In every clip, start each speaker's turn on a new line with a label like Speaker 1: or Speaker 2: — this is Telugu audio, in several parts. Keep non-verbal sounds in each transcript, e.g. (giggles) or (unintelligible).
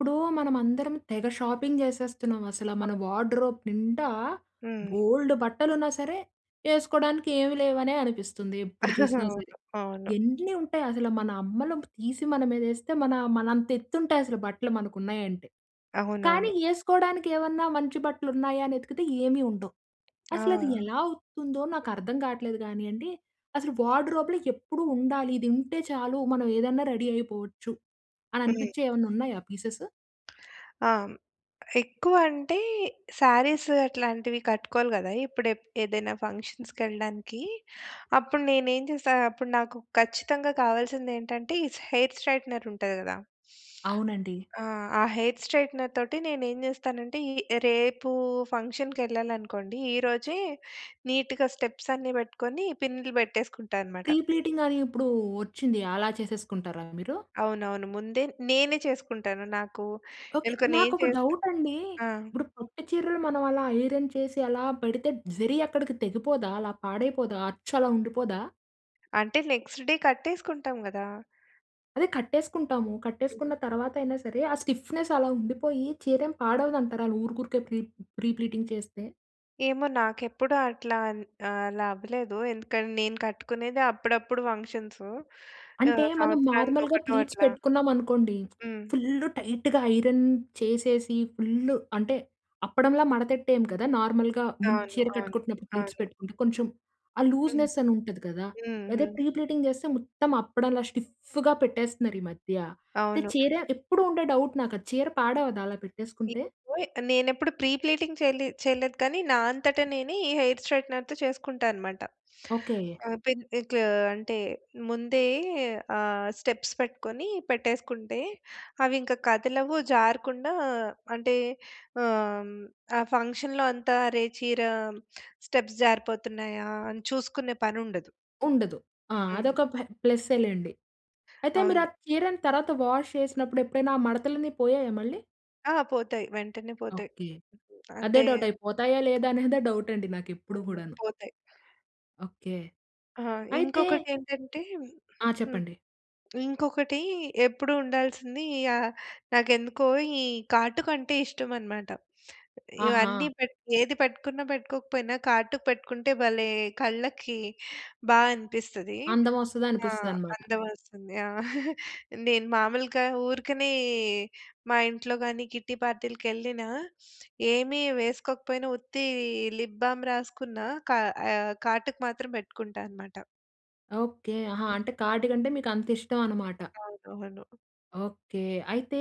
Speaker 1: ఇప్పుడూ మనమందరం తెగ షాపింగ్ చేసేస్తున్నాం అసల. మన
Speaker 2: (unintelligible)
Speaker 1: వార్డ్‌రోప్ నిండా
Speaker 2: హ్మ్.
Speaker 1: బోలుడు బట్టలున్నా సరే, ఏసుకోడానికి ఏమీ లేవనే అనిపిస్తుంది ఎప్పుడు
Speaker 2: (chuckles)
Speaker 1: చూసినా సరే.
Speaker 2: అవును. అవును.
Speaker 1: ఎన్ని ఉంటాయి అసల, మన అమ్మలు తీసి మన మీద ఏస్తే, మనా మనంత ఎత్తు ఉంటాయి అసలు బట్టలు మనకు ఉన్నాయంటే.
Speaker 2: అవునవును.
Speaker 1: కానీ ఏసుకోవడానికి ఏవన్నా మంచి బట్టలు ఉన్నాయా? అని ఎతికితే ఏమీ ఉండవు. అసలది
Speaker 2: ఆ!
Speaker 1: ఎలా అవుతుందో నాకర్థం కాట్లేదు గానీయండి. అసలు వార్డ్‌రోప్‌లో ఎప్పుడు ఉండాలి. ఇది ఉంటే చాలు, మనం ఏదన్నా రెడీ అయిపోవచ్చు. అని
Speaker 2: హ్మ్.
Speaker 1: అనిపిచ్చేవి ఏవన్నున్నాయా పీసెస్?
Speaker 2: ఆ! ఎక్కువ అంటే శారీస్ అట్లాంటివి కట్టుకోవాలి గదా! ఇప్పుడు ఎప్ ఏదైనా ఫంక్షన్స్‌కి ఎళ్ళడానికీ. అప్పుడు నేనేం చేస్తా, అప్పుడు నాకు ఖచ్చితంగా కావాల్సింది ఏంటంటే ఈ హెయిర్ స్ట్రెయిట్‌నర్ ఉంటది గదా!
Speaker 1: అవునండి.
Speaker 2: ఆ! ఆ హెయిర్ స్ట్రెయిట్‌నర్‌తోటి నేనేం చేస్తానంటే, ఈ రేపు ఫంక్షన్‌కెళ్ళాలనుకోండి, ఈ రోజే నీట్‌గా స్టెప్స్ అన్నీ పెట్టుకొని, పిన్నులు పెట్టేసుకుంటా అన్నమాట.
Speaker 1: ప్రీ ప్లీటింగ్ అనీ ఇప్పుడూ వచ్చింది, అలా చేసేసుకుంటారా మీరు?
Speaker 2: అవునవును. ముందే నేనే చేసుకుంటాను. నాకు
Speaker 1: ఓకే.
Speaker 2: ఎందుకో నేను
Speaker 1: నాకొక
Speaker 2: చేస్తే
Speaker 1: డౌట్ అండీ.
Speaker 2: ఆ!
Speaker 1: ఇప్పుడు పట్టు చీరలు మనం అలా ఐరన్ చేసి అలా పెడితే, జరీ అక్కడికి తెగిపోదా? అలా పాడైపోదా? అచ్చు అలా ఉండిపోదా?
Speaker 2: అంటే, నెక్స్ట్ డే కట్టేసుకుంటాం, కదా!
Speaker 1: అదే కట్టేసుకుంటాము.
Speaker 2: హ్మ్.
Speaker 1: కట్టేసుకున్న తరువాత అయినా సరే, ఆ స్టిఫ్‌నెస్ అలా ఉండిపోయి, చీరేం పాడవదు అంటారా? ఊరుకురికే ప్రీ ప్రీ ప్లీటింగ్ చేస్తే?
Speaker 2: ఏమో! నాకు ఎప్పుడు అట్లా ఆన్ ఆహ్, అలా అవలేధు. ఎందుకంటే, నేను కట్టుకునేది అప్పుడప్పుడు ఫంక్షన్సు.
Speaker 1: అంటే,
Speaker 2: ఆహ్,
Speaker 1: మనం
Speaker 2: సంవత్సరానికి
Speaker 1: నార్మల్‌గా
Speaker 2: ఒకటో
Speaker 1: ప్లీట్స్
Speaker 2: అట్లా.
Speaker 1: పెట్టుకున్నాం అనుకోండి,
Speaker 2: హ్మ్.
Speaker 1: ఫుల్ టైట్‌గా ఐరన్ చేసేసి ఫుల్ అంటే, అప్పడంలా మడతెట్టేయం కదా! నార్మల్‌గా ముందు
Speaker 2: అవును.
Speaker 1: చీర
Speaker 2: అవును.
Speaker 1: కట్టుకుంటున్నప్పుడు ప్లీట్స్
Speaker 2: అవును.
Speaker 1: పెట్టుకుంటే, కొంచెం ఆ
Speaker 2: హ్మ్.
Speaker 1: లూజ్‌నెస్ అని ఉంటది కదా! అదే
Speaker 2: హుహు.
Speaker 1: ప్రీ ప్లీటింగ్ చేస్తే మొత్తం అప్పడంలా స్టిఫ్‌గా పెట్టేస్తున్నారు ఈ మధ్య. అంటే,
Speaker 2: అవును.
Speaker 1: చీర ఎప్పుడూ ఉండే డౌట్ నాకు, అది చీర పాడవ్వదా అలా పెట్టేసుకుంటే?
Speaker 2: (unintelligible) నేనెప్పుడు ప్రీ ప్లీటీంగ్ చే‌‌లి చేయలేదు కానీ, నా అంతట నేనే, ఈ హెయిర్ స్ట్రెయిగ్టెనర్‌తో చేసుకుంటా అనమాట.
Speaker 1: ఓకే.
Speaker 2: ఆహ్, పెన్ ఇట్లు అంటే, ముందే ఆహ్, స్టెప్స్ పెట్టుకొని పెట్టేసుకుంటే, అవి ఇంకా కదలవు, జారకుండా అంటే, ఆహ్, ఆ ఫంక్షన్‌లో అంతా అరే చీర స్టెప్స్ జారిపోతున్నాయా! అని చూసుకునే పని ఉండదు.
Speaker 1: ఉండదు. ఆ!
Speaker 2: హ్మ్.
Speaker 1: అదొక ప ప్ల‌సేలెండి .అయితే మీరు ఆ
Speaker 2: అవును.
Speaker 1: చీరని తర్వాత వాష్ చేసినప్పుడు, ఎప్పుడైనా ఆ మడతలన్నీ పోయాయా మళ్ళీ?
Speaker 2: ఆ! పోతాయి వెంటనే పోతాయి.
Speaker 1: ఓకే. అదే
Speaker 2: అంటే
Speaker 1: డౌ‌ట్ అయిపోతాయా, లేదా అనేదే డౌట్ అండి నాకెప్పుడూ
Speaker 2: అయ్య!
Speaker 1: కూడాను.
Speaker 2: పోతాయి.
Speaker 1: ఓకే.
Speaker 2: ఆ!
Speaker 1: అయితే
Speaker 2: ఇంకొకటి ఏంటంటే
Speaker 1: ఆ!
Speaker 2: హ్మ్.
Speaker 1: చెప్పండి.
Speaker 2: ఇంకొకటీ ఎప్పుడు ఉండాల్సింది యా నాకెందుకో ఈ కాటుకంటే ఇష్టం అన‌మాట.
Speaker 1: ఆహా!
Speaker 2: ఇవన్నీ పెట్ ఏది పెట్టుకున్నా పెట్టుకోకపోయినా, కాటుక పెట్టుకుంటే భలే కళ్ళకి బా అనిపిస్తది.
Speaker 1: అందం వస్తది
Speaker 2: ఆ!
Speaker 1: అనిపిస్తదనమాట.
Speaker 2: అందం వస్తుంది. ఆ! (giggles) నేను మామూలుగా ఊరకనే మా ఇంట్లోగాని, కిట్టి పార్టీ‌లకెళ్ళినా (sniffs) ఏమి వేసుకోకపోయినా ఉత్తీ లిప్ బామ్ రాసుకున్న కా ఆహ్, కాటుక మాత్రం పెట్టుకుంటా అన‌మాట.
Speaker 1: ఓకే. ఆహా!
Speaker 2: హ్మ్.
Speaker 1: అంటే కాటుక అంటే మీకు అంత ఇష్టం అనమాట.
Speaker 2: అవునవును.
Speaker 1: ఓకే. అయితే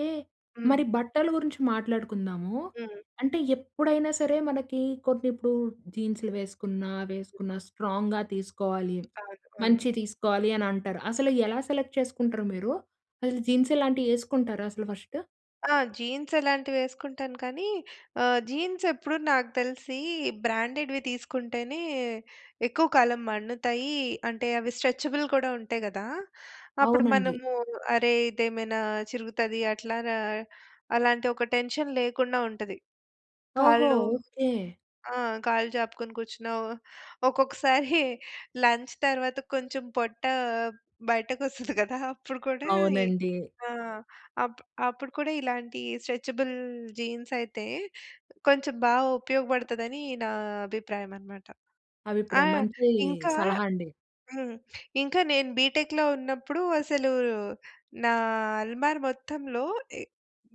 Speaker 2: హ్మ్.
Speaker 1: మరి బట్టలు గురించి మాట్లాడుకుందాము.
Speaker 2: హ్మ్.
Speaker 1: అంటే ఎప్పుడైనా సరే, మనకి కొన్ని ఇప్పుడు జీన్స్‌లు వేసుకున్నా, వేసుకున్నా స్ట్రాంగ్‌గా తీసుకోవాలి,
Speaker 2: కాటుకొన్ను
Speaker 1: మంచియి తీసుకోవాలి అని అంటారు. అసలు ఎలా సెలెక్ట్ చేసుకుంటారు మీరు? అసలు జీన్స్ ఇలాంటివి వేసుకుంటారా అసలు ఫస్టు?
Speaker 2: ఆ! జీన్స్ అలాంటివి వేసుకుంటాను. కానీ ఆహ్, జీన్స్ ఎప్పుడు నాకు తెలిసి బ్రాండెడ్‌వి తీసుకుంటేనే ఎక్కువ కాలం మన్నుతాయి. అంటే, అవి స్ట్రెచ్‌బుల్ కూడా ఉంటాయి కదా! అప్పుడు
Speaker 1: అవునండి.
Speaker 2: మనము అరే! ఇదేమైనా చిరుగుతది అట్లారా, అలాంటి ఒక టెన్షన్ లేకుండా ఉంటది.
Speaker 1: ఓహో!
Speaker 2: కాళ్ళు
Speaker 1: ఓకే.
Speaker 2: ఆ! కాళ్ళు చాపుకొని కూర్చున్నావు. ఒక్కొక్కసారి (chuckles) లంచ్ తర్వాత కొంచెం పొట్టా బయటకు వస్తుంది కదా! (chuckles) అప్పుడు కూడా ఇ
Speaker 1: అవునండి.
Speaker 2: ఆ! అప్ అప్పుడు కూడా ఇలాంటి స్ట్రెచ్‌బుల్ జీన్స్ అయితే కొంచెం బాగా ఉపయోగపడుతదని నా అభిప్రాయం అనమాట. ఆ!
Speaker 1: అభిప్రాయం. మంచీ
Speaker 2: ఇంకా
Speaker 1: సలహా అండి.
Speaker 2: హ్మ్. ఇంకా నేను బీ‌టెక్‌లో ఉన్నప్పుడు అసలూ నా అల్మార మొత్తంలో ఎ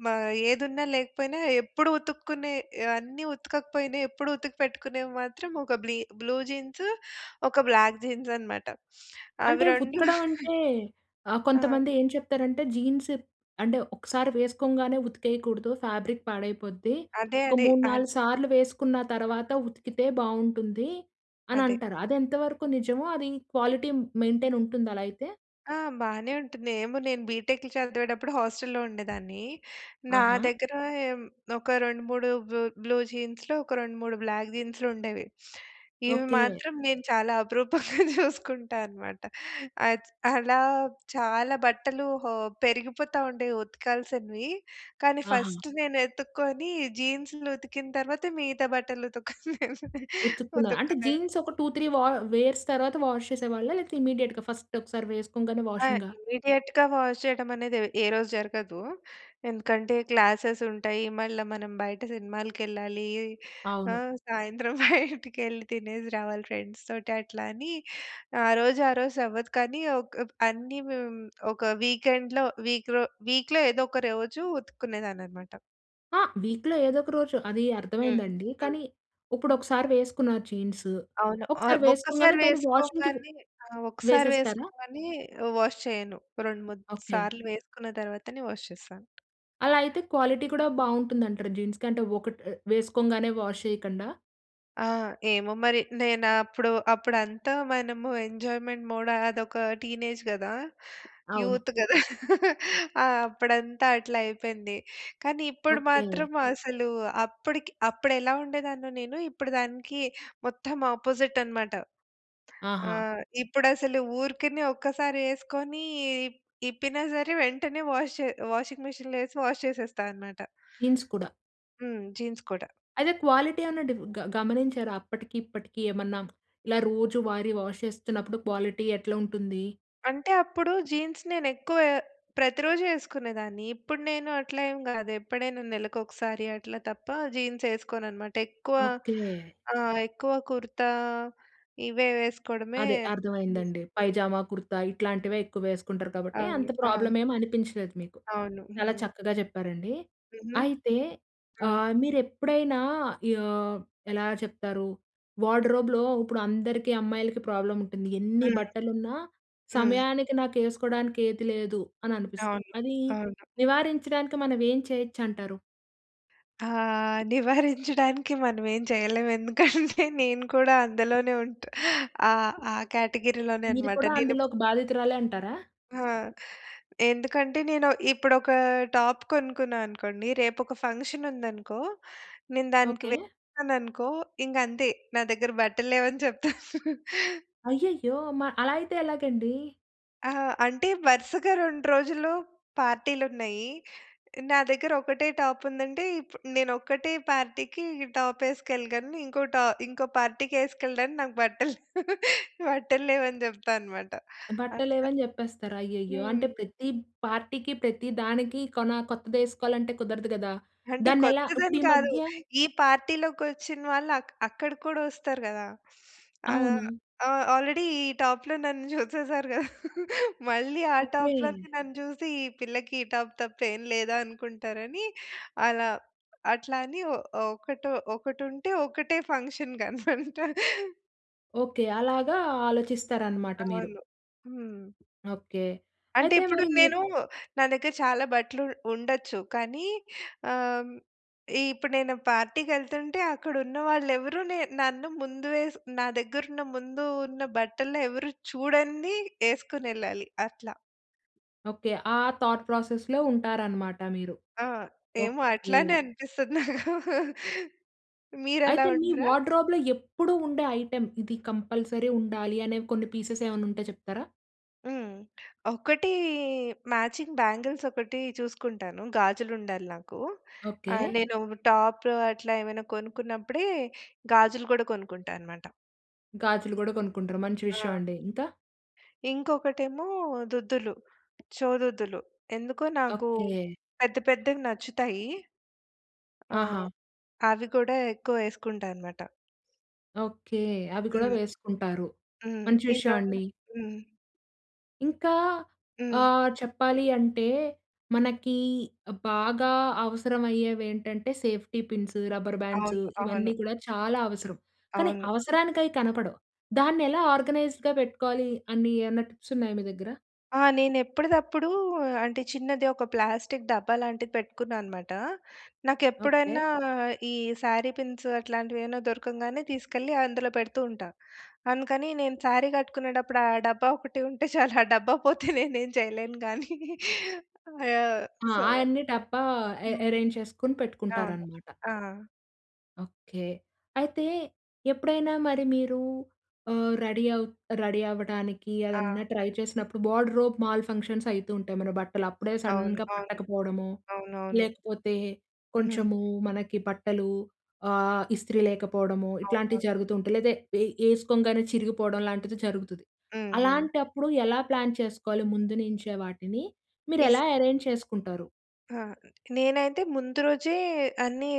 Speaker 2: మ ఏదున్నా లేకపోయినా, ఎప్పుడు ఉతుక్కునే ఆహ్, అన్నీ ఉతక‌కపోయిన ఎప్పుడు ఉతికి పెట్టుకునేవి మాత్రం ఒక బ్లీ బ్లూ జీన్సు, ఒక బ్లాక్ జీన్స్ అనమాట. (sniffs) అవి
Speaker 1: అంటే
Speaker 2: రెండు
Speaker 1: ఉతకడం
Speaker 2: (chuckles)
Speaker 1: అంటే ఆహ్,
Speaker 2: ఆ!
Speaker 1: కొంతమంది ఏం చెప్తారంటే, "జీన్స్ అంటే. ఒక్క‌సారి వేసుకోంగానే ఉతికేయకూడదు. ఫ్యాబ్రిక్ పాడైపోద్ది.
Speaker 2: అదే,
Speaker 1: ఒక
Speaker 2: అదే.
Speaker 1: మూడు,
Speaker 2: అం
Speaker 1: నాలుగు సార్లు వేసుకున్న తర్వాత ఉతికితే బాగుంటుంది" అని
Speaker 2: అదే.
Speaker 1: అంటారు. అదెంతవరకు నిజమో, అది క్వాలిటీ మెయింటైన్ ఉంటుంది అలా అయితే?
Speaker 2: ఆ! బానే ఉంటుంది. ఏమో నేను బీటెక్‌లో చదివేటప్పుడు హాస్టల్‌లో ఉండేదాన్నీ. నా
Speaker 1: ఆహా!
Speaker 2: దగ్గరా ఎమ్ ఒక 2, 3 బ్ బ్లూ జీన్స్‌లు, ఒక 2, 3 బ్లాక్ జీన్స్‌లుండేవి. (sniffs) ఇవి
Speaker 1: ఓకే.
Speaker 2: మాత్రం నేను చాలా అపురూపంగా (giggles) చూసుకుంటా అనమాట. అచ్ అలా చాలా బట్టలు హో పెరిగిపోతా ఉండేవి ఉతకాల్సినవి. కానీ
Speaker 1: ఆహా!
Speaker 2: ఫస్ట్ నేను ఎతుక్కోని జీన్స్‌లు ఉతికిన తర్వాత, మిగతా బట్టలు ఉతుక్కునే (giggles)
Speaker 1: ఉతుకున్నా. అంటే
Speaker 2: ఉతుక్కునేది.
Speaker 1: జీన్స్ ఒక 2, 3 వా వేర్స్ తర్వాత వాష్ చేసేవాళ్ళా? లేతే ఇమ్మీడియేట్‌గా ఫస్ట్ ఒకసారి వేసుకోంగానే
Speaker 2: ఆ!
Speaker 1: వాషింగా?
Speaker 2: ఇమ్మీడియేట్‌గా వాష్ చెయ్యటం అనేది ఎవ్ ఏ రోజు జరగదు. ఎందుకంటే, క్లాసెసుంటాయి. మళ్ళా మనం బయట సినిమాలకెళ్ళాలి.
Speaker 1: అవును.
Speaker 2: ఆహ్, సాయంత్రం (giggles) బయటికెళ్ళి తినేసి రావాలి ఫ్రెండ్స్‌తోటి. అట్లా అని ఆ రోజు ఆ రోజు అవ్వదు. కానీ ఒక్ అన్నీ హ్మ్, ఒక వీకెండ్‌లో వీక్‌లో వీక్‌లో ఏదో ఒక రోజు ఉతుక్కునేదాన్ని అనమాట.
Speaker 1: ఆ! వీక్‌లో ఏదొక రోజు అదీ
Speaker 2: హ్మ్.
Speaker 1: అర్థమైందండి.
Speaker 2: హ్మ్.
Speaker 1: కానీ ఉప్పుడు ఒకసారి వేసుకున్నారు జీన్స్.
Speaker 2: అవును. ఆహ్,
Speaker 1: ఒకసారి
Speaker 2: ఒక్కసారి
Speaker 1: వేసుకోంగానే దాన్ని వాషింగ్‌కి వే
Speaker 2: వేసుకోంగానే ఆ! ఒక్కసారి
Speaker 1: వేసేస్తారా?
Speaker 2: వేసుకోంగానే ఆహ్, వాష్ చెయ్యను. రెండు, మూడు
Speaker 1: ఓకే.
Speaker 2: సార్లు వేసుకున్న తర్వాతనే వాష్ చేస్తాను.
Speaker 1: అలా అయితే క్వాలిటీ కూడా బావుంటుందంటరు జీన్స్‌కి. అంటే ఒకటి ఆహ్, వేసుకోంగనే వాష్ చెయ్యకండా.
Speaker 2: ఆ! ఏమో మరి, నేను అప్పుడు, అప్పుడు అంతా మనము ఎంజాయ్మెంట్ మోడ్ అదొక టీనేజ్ గదా.
Speaker 1: అవును.
Speaker 2: యూత్ గదా. (chuckles) ఆ! అప్పుడంతా అట్లా అయిపోయింది. కానీ ఇప్పుడు
Speaker 1: ఓకే.
Speaker 2: మాత్రం అసలు అప్పడికి అప్పుడు ఎలా ఉండేదాన్నో నేను. ఇప్పుడు దానికి మొత్తం అపోజిట్ అనమాట.
Speaker 1: ఆహా!
Speaker 2: ఆహ్, ఇప్పుడు అసలు ఊరికనే ఒక్కసారి ఏసుకొని ఇప్ ఇప్పిన సరే, వెంటనే వాష్ చె వాషింగ్ మెషిన్‌లో వేసి వాష్ చేసేస్తా అనమాట.
Speaker 1: జీన్స్ కూడా.
Speaker 2: హ్మ్. జీన్స్ కూడా.
Speaker 1: అయితే క్వాలిటీ ఏమన్నా డీఫ్ గ గమనించారా? అప్పటికి ఇప్పటికి ఏమన్నా. ఇలా రోజు వారి వాష్ చేస్తున్నప్పుడు క్వాలిటీ ఎట్లా ఉంటుంది?
Speaker 2: అంటే అప్పుడూ జీన్స్ నేను ఎక్కువ ప్రతిరోజు ఏసుకునేదాన్ని. ఇప్పుడు నేను అట్లా ఏం గాదు. ఎప్పుడైనా నెలకొకసారి అట్లా తప్ప జీన్స్ ఏసుకోను అనమాట. ఎక్కువ
Speaker 1: ఓకే.
Speaker 2: ఆ! ఎక్కువ కుర్తా ఇవే వేసుకోవడమే
Speaker 1: అదే అర్థమైందండి.
Speaker 2: ఇష్టం.
Speaker 1: పైజామా, కుర్తా ఇట్లాంటివే ఎక్కువ వేసుకుంటారు కాబట్టి
Speaker 2: అవును.
Speaker 1: అంత
Speaker 2: ఆ!
Speaker 1: ప్రాబ్లమ్ ఏం అనిపించలేదు మీకు.
Speaker 2: అవును.
Speaker 1: చాలా
Speaker 2: హ్మ్.
Speaker 1: చక్కగా చెప్పారండి.
Speaker 2: హుహు.
Speaker 1: అయితే
Speaker 2: ఆ!
Speaker 1: ఆహ్, మీరు ఎప్పుడైనా ఆహ్, ఎలా చెప్తారు వార్డ్‌రోబ్‌లో, ఉప్పుడు అందరికి అమ్మాయిలకి ప్రాబ్లమ్ ఉంటుంది. ఎన్ని
Speaker 2: హ్మ్.
Speaker 1: బట్టలున్నా
Speaker 2: హ్మ్.
Speaker 1: సమయానికి నాకేసుకోవడానికి ఏది లేదు అని అనిపిస్తది.
Speaker 2: అవును.
Speaker 1: అదీ
Speaker 2: అవును.
Speaker 1: నివారించడానికి మనం ఏం చేయొచ్చు అంటారు?
Speaker 2: ఆహ్, నివారించడానికి మనమేం చేయలేం. ఎందుకంటే నేను కూడా అందులోనే ఉంటా ఆహ్, ఆ కేటగిరీలోనే
Speaker 1: మీరు
Speaker 2: అన్నమాట.
Speaker 1: కూడా
Speaker 2: నేను
Speaker 1: అందులో
Speaker 2: ఇప్పు
Speaker 1: ఒక బాధితురాలే అంటారా?
Speaker 2: హా! ఎందుకంటే నేను ఇప్పుడొక టాప్ కొనుక్కున్నా అనుకోండి, రేపొక ఫంక్షన్ ఉందనుకో, నేను దానికి
Speaker 1: ఓకే.
Speaker 2: వేశాననుకో ఇంక అంతే, నా దగ్గర బట్టలేవని చెప్తా. (chuckles)
Speaker 1: అయ్యయ్యో! మ అలా అయితే ఎలాగండి?
Speaker 2: ఆ! అంటే వరుసగా 2 రోజులు పార్టీలు ఉన్నయి. నా దగ్గర ఒకటే టాప్ ఉందంటే, ఇప్పుడు నేను ఒక్కటే పార్టీ‌కి ఈ టాప్ ఎసుకెళ్ళగలను. ఇంకో టా ఇంకో పార్టీ‌కి ఎసుకెళ్ళడానికి నాకు బట్టలు (laughs) బట్టల్లేవని చెప్తా అన్నమాట. అట్లా.
Speaker 1: బట్టలేవని చెప్పేస్తారు. అయ్యయ్యో! అంటే
Speaker 2: హ్మ్.
Speaker 1: ప్రతి పార్టీకి, ప్రతి దానికి కొన కొత్తదేసుకోవాలంటే కుదరదు కదా!
Speaker 2: అంటే
Speaker 1: దాన్ని ఎలా? ఇప్పుడు
Speaker 2: కొత్తదని
Speaker 1: ఈ
Speaker 2: కాదు.
Speaker 1: మధ్య
Speaker 2: ఈ పార్టీ‌లోకి వచ్చిన వాళ్ళు అ అక్కడికి కూడా వస్తారు కదా! ఆహ్,
Speaker 1: అవును.
Speaker 2: ఆ ఆల్రెడీ ఈ టాప్‌లో నన్ను చూసేశారు కదా! (laughs) మళ్ళీ ఆ
Speaker 1: ఓకే.
Speaker 2: టాప్‌లోనే నన్ను చూసి, ఈ పిల్లకి ఈ టాప్ తప్ప, ఏం లేదా అనుకుంటారని, అలా అట్లా అని ఒ ఒ ఒకటొ ఒకటుంటే ఒకటే ఫంక్షన్‌కి అన్నమాట.
Speaker 1: ఓకె. అలాగా ఆలోచిస్తారనమాట మీరు.
Speaker 2: అవును. హ్మ్.
Speaker 1: ఓకె.
Speaker 2: అంటే
Speaker 1: అయితే
Speaker 2: ఇప్పుడు
Speaker 1: మరి ఎప్
Speaker 2: నేను, నా దగ్గర చాలా బట్టలు ఉండొచ్చు. కానీ ఆహ్, హ్మ్, ఇప్పుడు నేను పార్టీకెళ్తుంటే అక్కడ ఉన్న వాళ్ళు ఎవరు నే నన్ను ముందు వేసి నా దగ్గర ఉన్న ముందు ఉన్న బట్టలని ఎవరు చూడంది ఏసుకొనెళ్ళాలి, అట్లా.
Speaker 1: ఓకె. ఆ థాట్‌‌‌‌‌‌‌‌‌ ప్రాసెస్‌లో ఉంటారన్నమాట మీరు.
Speaker 2: ఆ! ఏమో
Speaker 1: ఓకె.
Speaker 2: అట్లనే అనిపిస్తది, (chuckles) మీరలా
Speaker 1: అయితే మీ
Speaker 2: ఉండరా?
Speaker 1: వార్డ్‌రోబ్‌లో ఎప్పుడూ ఉండే ఐటెమ్, ఇది కంపల్సరీ ఉండాలి అనే కొన్ని పీసెస్ ఏమైనా ఉంటే చెప్తారా?
Speaker 2: హ్మ్. ఒకటి మ్యాచింగ్ బ్యాంగిల్స్ ఒకటి చూసుకుంటాను. గాజులు ఉండాలి నాకు.
Speaker 1: ఓకె.
Speaker 2: ఆహ్, నేను టాప్ అట్లా ఏమైనా కొనుక్కున్నప్పుడే గాజులు కూడా కొనుక్కుంటా అన్నమాట.
Speaker 1: గాజులు కూడా కొనుక్కుంటారు. మంచి విషయం
Speaker 2: ఆ!
Speaker 1: అండి, ఇంకా?
Speaker 2: ఇంకొకటి ఏమో దుద్దులు. చెవిదుద్దులు. ఎందుకో నాకు
Speaker 1: ఓకె.
Speaker 2: పెద్ద, పెద్దవి నచ్చుతాయి. ఆ!
Speaker 1: ఆహా!
Speaker 2: అవి కూడా ఎక్కువ వేసుకుంటా అనమాట.
Speaker 1: ఓకె. అవి కూడా
Speaker 2: హ్మ్.
Speaker 1: వేసుకుంటారు.
Speaker 2: హ్మ్.
Speaker 1: మంచి
Speaker 2: ఈ
Speaker 1: విషయం
Speaker 2: రెండూ
Speaker 1: అండి.
Speaker 2: హ్మ్.
Speaker 1: ఇంకా
Speaker 2: హ్మ్.
Speaker 1: ఆహ్, చెప్పాలి అంటే మనకీ బాగా అవసరమయ్యేవి ఏంటంటే సేఫ్టీ పిన్స్, రబ్బర్ బాండ్స్
Speaker 2: అవును, అవును.
Speaker 1: ఇవన్నీ కూడా చాలా అవసరం. కానీ
Speaker 2: అవును.
Speaker 1: అవసరానికయి కనపడవు. దాన్ని ఎలా ఆర్గనైజ్‌డ్‌గా పెట్టుకోవాలి అన్నీ ఏన్నా టిప్స్ ఉన్నాయా మీ దగ్గర?
Speaker 2: ఆ! నేను ఎప్పుడిదప్పుడూ అంటే చిన్నది ఒక ప్లాస్టిక్ డబ్బా లాంటిది పెట్టుకున్నా అనమాట. నాకు
Speaker 1: ఓకే.
Speaker 2: ఎప్పుడన్నా ఈ శారీ పిన్స్ అట్లాంటివి ఏవన్నా దొరకంగానే తీసుకెళ్ళి అందులో పెడుతూ ఉంటా. అందుకని నేను శారీ కట్టుకునేటప్పుడు ఆ డబ్బా ఒకటి ఉంటే చాలు ఆ డబ్బా పోతే నేనేం చెయ్యలేను గానీ, యాహ్!
Speaker 1: ఆ!
Speaker 2: సో
Speaker 1: ఆయన్నీ డబ్బా ఎ
Speaker 2: హ్మ్.
Speaker 1: ఎరేంజ్ చేసుకొని
Speaker 2: అవును.
Speaker 1: పెట్టుకుంటారనమాట.
Speaker 2: ఆ!
Speaker 1: ఓకే. అయితే ఎప్పుడైనా మరి మీరూ ఆహ్, రెడీ అవు రెడీ అవ్వటానికీ
Speaker 2: ఆ!
Speaker 1: అదన్నా ట్రై చేసినప్పుడు, వార్డ్‌రోబ్ మాల్ ఫంక్షన్స్ అయితుంటాయి. మన బట్టలు అప్పుడే
Speaker 2: అవును,
Speaker 1: సడన్‌గా
Speaker 2: అవును,
Speaker 1: పట్టకపోవడమో,
Speaker 2: అవునవును.
Speaker 1: లేకపోతే
Speaker 2: హుహు.
Speaker 1: కొంచెము మనకి బట్టలూ ఆహ్, ఇస్త్రీ లేకపోడమో
Speaker 2: అవునవును.
Speaker 1: ఇట్లాంటివి జరుగుతుంటాయి, లేదా ఏ ఏసుకోంగానే చిరిగిపోవడం లాంటిది జరుగుతుది.
Speaker 2: హుహు.
Speaker 1: అలాంటప్పుడు ఎలా ప్లాన్ చేసుకోవాలి ముందు నుంచే వాటిని? మీరు
Speaker 2: ఇస్
Speaker 1: ఎలా ఎరేంజ్ చేసుకుంటారు?
Speaker 2: ఆ! నేనైతే ముందు రోజే అన్నీ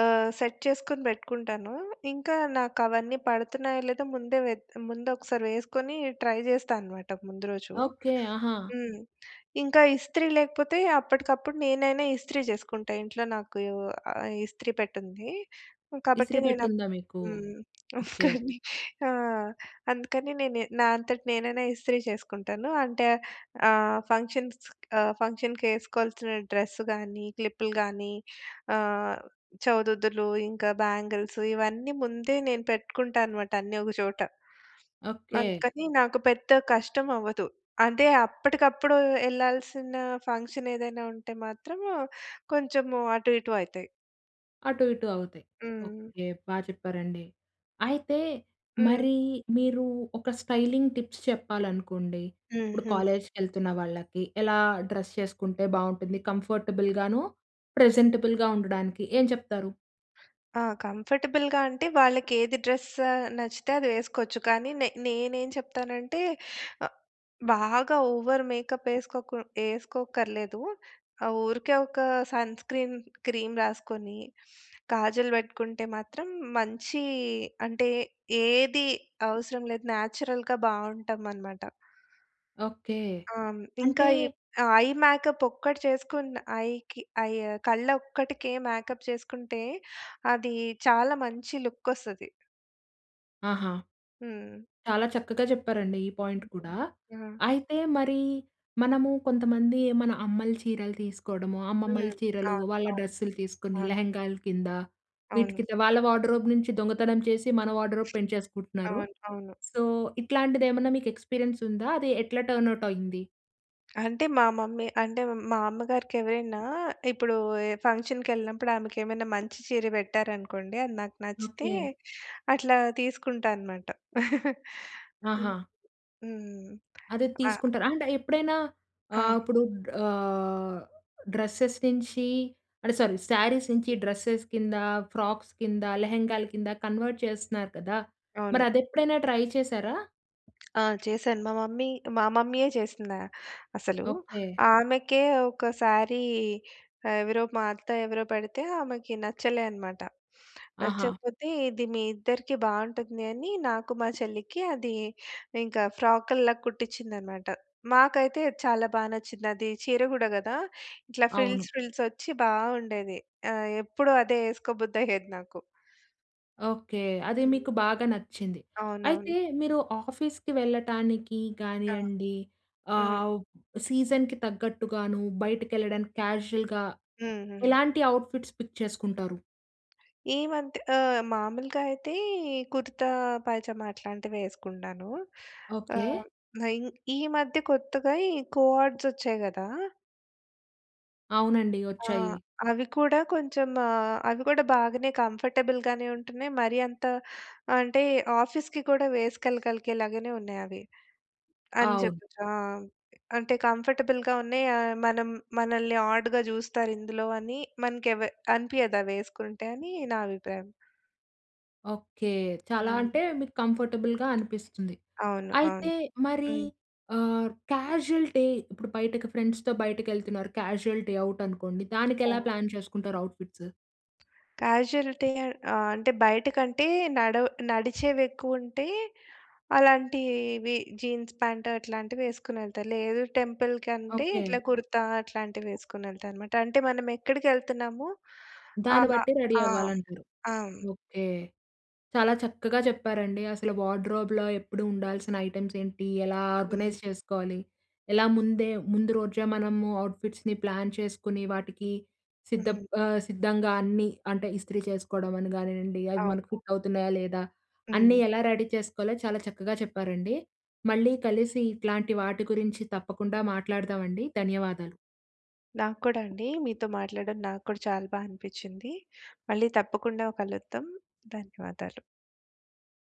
Speaker 2: ఆహ్, సెట్ చేసుకొని పెట్టుకుంటాను. ఇంక నాకు అవన్నీ పడుతున్నాయో లేదో ముందే వె‌త్ ముందు ఒక్కసారి వేసుకొని ట్రై చేస్తా అన్నమాట ముందు రోజు.
Speaker 1: ఓకె. ఆహా!
Speaker 2: హ్మ్, ఇంక ఇస్త్రీ లేకపోతే అప్పటికప్పుడు నేనైనా ఇస్త్రీ చేసుకుంట ఇంట్లో నాకు ఆహ్, ఇస్త్రీ పె‌టుంది. కాబట్టి
Speaker 1: ఇస్తిరి
Speaker 2: నేను
Speaker 1: పెట్టె ఉందా మీకు.
Speaker 2: హ్మ్. (giggles)
Speaker 1: ఓకె.
Speaker 2: కాని ఆ! అందుకని నేను నా అంతట నేనైనా ఇస్త్రీ చేసుకుంటాను. అంటే ఆహ్, ఫంక్షన్స్ ఆహ్, ఫంక్షన్‌కి ఏసుకోవాల్సిన డ్రెస్ కానీ, క్లిప్పులు కాని, ఆహ్, చౌదుదులు, ఇంకా బ్యాంగిల్స్ ఇవన్నీ ముందే నేను పెట్టుకుంటాను మాట అన్నీ ఒక చోట.
Speaker 1: ఓకె.
Speaker 2: అందుకని నాకు పెద్ద కష్టం అవ్వదు. అదే అప్పటికప్పుడు ఎళ్ళాల్సిన ఫంక్షన్ ఏదైనా ఉంటే మాత్రం కొంచెం అటు ఇటు అయితాయి.
Speaker 1: అటు ఇటు అవుతాయి.
Speaker 2: హ్మ్.
Speaker 1: ఓకె, బా చెప్పారండి. అయితే
Speaker 2: హ్మ్.
Speaker 1: మరి మీరు ఒక స్టైలింగ్ టిప్స్ చెప్పాలనుకోండి, ఇప్పుడు
Speaker 2: హుహు.
Speaker 1: కాలేజ్‌కి ఎళ్తున్న వాళ్ళకి ఎలా డ్రెస్ చేసుకుంటే బావుంటుంది. కంఫర్టబుల్‌‌గాను, ప్రెజెంటబుల్‌‌గా ఉండడానికి. ఏం చెప్తారు?
Speaker 2: ఆ! కంఫర్టబుల్‌గా అంటే, వాళ్ళకి ఏది డ్రెస్ నచ్చితే అది వేసుకోవచ్చు. కానీ, నే నేనేం చెప్తానంటే ఆహ్, బాగా ఓవర్ మేకప్ వేసుకోకు వేసుకోక్కర్లేదు. ఆహ్, ఊరికే ఒక సన్ స్క్రీన్ క్రీమ్ రాసుకొని, కాజల్ పెట్టుకుంటే మాత్రం, మంచి అంటే ఏది అవసరం లేదు. నేచురల్‌గా బావుంటామనమాట.
Speaker 1: ఓకే.
Speaker 2: ఆ! హ్మ్, ఇంకా,
Speaker 1: అంటే
Speaker 2: ఈ ఆ ఐ మేకప్ ఒక్కటి చేసుకున్న, ఐకి ఐ కళ్ళ ఒక్కటికే, మేకప్ చేసుకుంటే, అది చాలా మంచి లుక్కొస్తది.
Speaker 1: ఆహా!
Speaker 2: హ్మ్.
Speaker 1: చాలా చక్కగా చెప్పారండి, ఈ పాయింట్ కూడా.
Speaker 2: హ్మ్.
Speaker 1: అయితే మరి మనము కొంతమంది, మన అమ్మలు చీరలు తీసుకోవడము, అమ్మమ్మల
Speaker 2: హ్మ్.
Speaker 1: చీరలు
Speaker 2: అవును.
Speaker 1: వాళ్ళ
Speaker 2: అవును.
Speaker 1: డ్రెస్సులు తీసుకొని
Speaker 2: అవును.
Speaker 1: లెహంగాల కింద, వీటి
Speaker 2: అవును.
Speaker 1: కింద, వాళ్ళ వార్డ్‌రోబ్ నుంచి దొంగతనం చేసి, మన వార్డ్‌రోబ్ పెంచేసుకుంటున్నారు.
Speaker 2: అవును. అవును.
Speaker 1: సో, ఇట్లాంటిది ఏమన్నా మీకు ఎక్స్పీరియన్స్ ఉందా? అది ఎట్లా టర్న్‌అవుట్ అయింది?
Speaker 2: అంటే, మా మమ్మీ అంటే, మా అమ్మగారికి ఎవరైనా ఇప్పుడు ఫంక్షన్‌కి కెళ్ళినప్పుడు, ఆమెకు ఏమైనా మంచి చీర పెట్టారు అనుకోండి, అది నాకు నచ్చితే,
Speaker 1: ఓకే.
Speaker 2: అట్లా తీసుకుంటా అన్నమాట. (chuckles) హ్మ్.
Speaker 1: ఆహా!
Speaker 2: హ్మ్.
Speaker 1: అదే
Speaker 2: ఆ!
Speaker 1: తీసుకుంటారు. అంటే, ఎప్పుడైనా ఆహ్,
Speaker 2: ఆ!
Speaker 1: ఇప్పుడు గా డ్రెసెస్ నించి అంటే, సారీ, సారీస్ నుంచి డ్రెసెస్ కింద, ఫ్రాక్స్ కింద, లెహెంగాల కింద, కన్వర్ట్ చేస్తున్నారు కదా! మరి
Speaker 2: అవును.
Speaker 1: అది ఎప్పుడైనా ట్రై చేసారా?
Speaker 2: ఆ! చేసాను. మా మమ్మీ మా మమ్మీయే చేసిందా అసలూ.
Speaker 1: ఓకె.
Speaker 2: ఆమెకే ఒకసారీ ఆహ్, ఎవరో మా అత్త ఎవరో పెడితే, ఆమెకి నచ్చలే అన్నమాట. (sniffs)
Speaker 1: ఆహా!
Speaker 2: నచ్చకపోతే, ఇది మీ ఇద్దరికీ బావుంటుంది అని నాకు, మా చెల్లికి అది ఇంకా ఫ్రాకుల్లా కుట్టించిందన్నమాట. మాకైతే చాలా బా నచ్చింది. అది చీర గూడా గదా! ఇట్లా
Speaker 1: అవును.
Speaker 2: ఫిల్స్ ఫిల్స్ ఒచ్చి బావుండేది. ఆహ్, ఎప్పుడు అదే (chuckles) ఎసుకోబుద్ధయ్యేది నాకు.
Speaker 1: ఓకె. అది
Speaker 2: హ్మ్.
Speaker 1: మీకు బాగా నచ్చింది.
Speaker 2: అవునవును.
Speaker 1: అయితే, మీరు ఆఫీస్‌కి వెళ్ళటానికి
Speaker 2: ఆ!
Speaker 1: గానియండి,
Speaker 2: హ్మ్.
Speaker 1: ఆహ్, సీజన్‌కి తగ్గట్టుగాను, బయటకెళ్ళడానికి క్యాజువల్‌గా
Speaker 2: హ్మ్. హుహు.
Speaker 1: ఎలాంటి అవుట్‌ఫిట్స్ పిక్ చేసుకుంటారు?
Speaker 2: ఈ మధ్య ఆహ్, మాములుగా అయితే కుర్త, పైజమ అట్లాంటివే ఎసుకుంటానూ.
Speaker 1: ఓకె.
Speaker 2: ఆహ్, మైన్ ఈ మధ్య కొత్తగా ఈ కో-ఆర్డ్స్ ఒచ్చాయి గదా!
Speaker 1: అవునండి.
Speaker 2: ఆ!
Speaker 1: ఒచ్చాయి.
Speaker 2: అవి కూడా కొంచెం ఆహ్, అవి గూడా బాగానే కంఫర్టబుల్‌గానే ఉంటున్నాయి. మరి అంత ఆహ్, అంటే ఆఫీస్‌కి కూడా వేసుకెలగలిగేలాగానే ఉన్నాయి అవి. అని
Speaker 1: అవును.
Speaker 2: చేపోచ్ ఆహ్, అంటే, కంఫర్టబుల్‌గా ఉన్నయి. ఆహ్, మనం మనల్ని ఆడ్‌గా జూస్తారు ఇందులో అని మనకెవ అనిపియదు అవి ఎసుకుంటే అని నా అభిప్రాయం.
Speaker 1: ఓకే. చాలా
Speaker 2: హ్మ్.
Speaker 1: అంటే మీకు కంఫర్టబుల్‌గా అనిపిస్తుంది.
Speaker 2: అవును. అవును.
Speaker 1: అయితే మరి
Speaker 2: హ్మ్.
Speaker 1: ఆహ్, క్యాజువల్‌టి ఇప్పుడు బయటకి ఫ్రెండ్స్‌తో బయటకెళ్తున్నారు. క్యాజువల్‌టి అవుట్ అనుకోండి.
Speaker 2: ఆ!
Speaker 1: దానికెలా ప్లాన్ చేసుకుంటారు, అవుట్‌ఫిట్స్?
Speaker 2: కాజుయాలిటీ‌ ఆ అంటే, బయట కంటే నడవ నడిచేవి ఎక్కువ ఉంటే అలాంటివి జీన్స్ పాంట్ అట్లాంటివి ఎసుకొని ఎళ్తారు. లేదు టెంపుల్ కంటే
Speaker 1: ఓకే.
Speaker 2: ఇట్లా కుర్తా అట్లాంటివి వేసుకొని వెళ్తా అన్నమాట. అంటే మనం ఎక్కడికి ఎళ్తున్నాము?
Speaker 1: దాన్ని
Speaker 2: ఆహ్,
Speaker 1: బట్టి రెడీ
Speaker 2: ఆ!
Speaker 1: అవ్వాలంటారు.
Speaker 2: ఆ!
Speaker 1: ఓకే. చాలా చక్కగా చెప్పారండి అసలు వార్డ్రోబ్‌లో ఎప్పుడు ఉండాల్సిన ఐటెమ్స్ ఏంటి? ఎలా
Speaker 2: హ్మ్.
Speaker 1: ఆర్గనైజ్ చేసుకోవాలి? ఎలా ముందే ముందు రోజే మనము అవుట్ ఫిట్స్‌ని ప్లాన్ చేసుకొని, వాటికి సిద్ధ‌ప్
Speaker 2: హ్మ్.
Speaker 1: ఆహ్, సిద్ధంగా అన్నీ అంటే ఇస్త్రీ చేసుకోవడం అని కానివ్వండి, అవి మనకు
Speaker 2: అవును.
Speaker 1: ఫిట్ అవుతున్నాయా? లేదా? అన్నీ
Speaker 2: హ్మ్.
Speaker 1: ఎలా రెడీ చేసుకోవాలో చాలా చక్కగా చెప్పారండి. మళ్ళీ కలిసి ఇట్లాంటి వాటి గురించి తప్పకుండా మాట్లాడదామండి, ధన్యవాదాలు.
Speaker 2: నాక్కూడా అండి. మీతో మాట్లాడడం నాక్కూడా చాలా బా అనిపించింది. మళ్ళీ తప్పకుండా కలుద్దాం, ధన్యవాదాలు.